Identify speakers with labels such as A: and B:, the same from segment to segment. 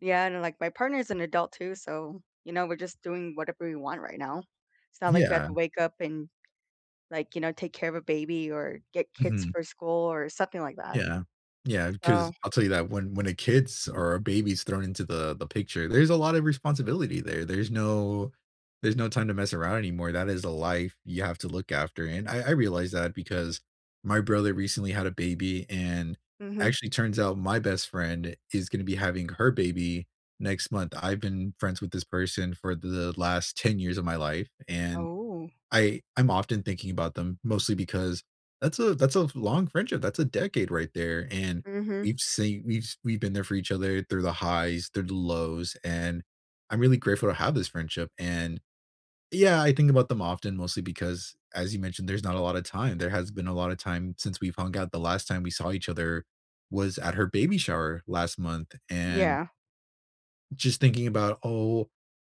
A: Yeah, and like, my partner is an adult too, so, you know, we're just doing whatever we want right now. It's not like we have
B: Yeah.
A: to wake up and, like, you know, take care of a baby or get kids
B: Mhm.
A: for school or something like that.
B: Yeah, yeah, 'cause
A: So
B: I'll tell you that when when a kid's or a baby's thrown into the the picture, there's a lot of responsibility there there's no there's no time to mess around anymore, that is a life you have to look after, and I I realize that because my brother recently had a baby, and
A: Mhm.
B: actually turns out my best friend is gonna be having her baby next month. I've been friends with this person for th the last 10 years of my life, and
A: Ooh.
B: I I'm often thinking about them mostly because that's a that's a long friendship, that's a decade right there, and
A: Mhm.
B: we've seen we've s we've been there for each other through the highs, through the lows, and I'm really grateful to have this friendship, and yeah, I think about them often mostly because, as you mentioned, there's not a lot of time, there hasn't been a lot of time since we've hung out, the last time we saw each other was at her baby shower last month and
A: Yeah.
B: just thinking about, oh,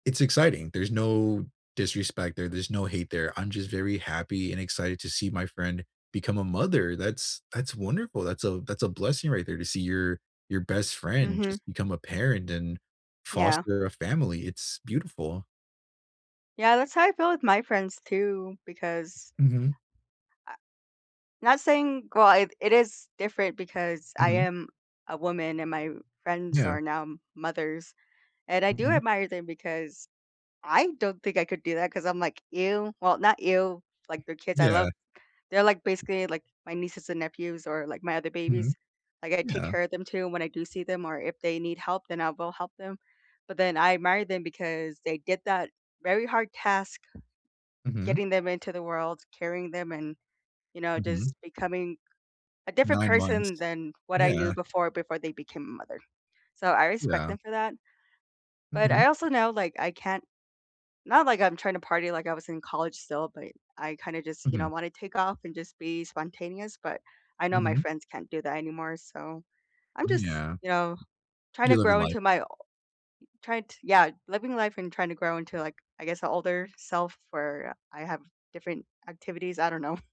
B: it's exciting, there's no disrespect there, there's no hate there, I'm just very happy and excited to see my friend become a mother, that's that's wonderful, that's a that's a blessing right there to see your your best friend just
A: Mhm.
B: become a parent and
A: Yeah.
B: foster a family, it's beautiful.
A: Yeah, that's how I feel with my friends too, because
B: Mhm.
A: I not saying well, it it is different because I
B: Mhm.
A: am a woman and my friends
B: Yeah.
A: are now mothers, and I do
B: Mhm.
A: admire them because I don't think I could do that 'cause I'm like, "Ew." Well, not ew. Like, they're kids, I
B: Yeah.
A: love they're, like, basically, like, my nieces and nephews or, like, my other babies.
B: Mhm,
A: Like, I take
B: yeah.
A: care of them too when I do see them or if they need help then I'll go help them, but then I admire them because they did that very hard task
B: Mhm.
A: getting them into the world, carrying them and you know
B: Mhm.
A: just becoming a different
B: 9 months.
A: person than what I knew
B: Yeah.
A: before, before they became a mother. So, I respect
B: Yeah.
A: them for that, but
B: Mhm.
A: I also know, like, I can't not like I'm trying to party, like, I was in college still, but I kinda just, you know,
B: Mhm.
A: want to take off and just be spontaneous, but I know my
B: Mhm.
A: friends can't do that anymore, so I'm just,
B: Yeah.
A: you know, trying to
B: You're living
A: grow
B: life.
A: into my o trying to Yeah, living life and trying to grow into, like, I guess, a older self where I have different activities, I don't know.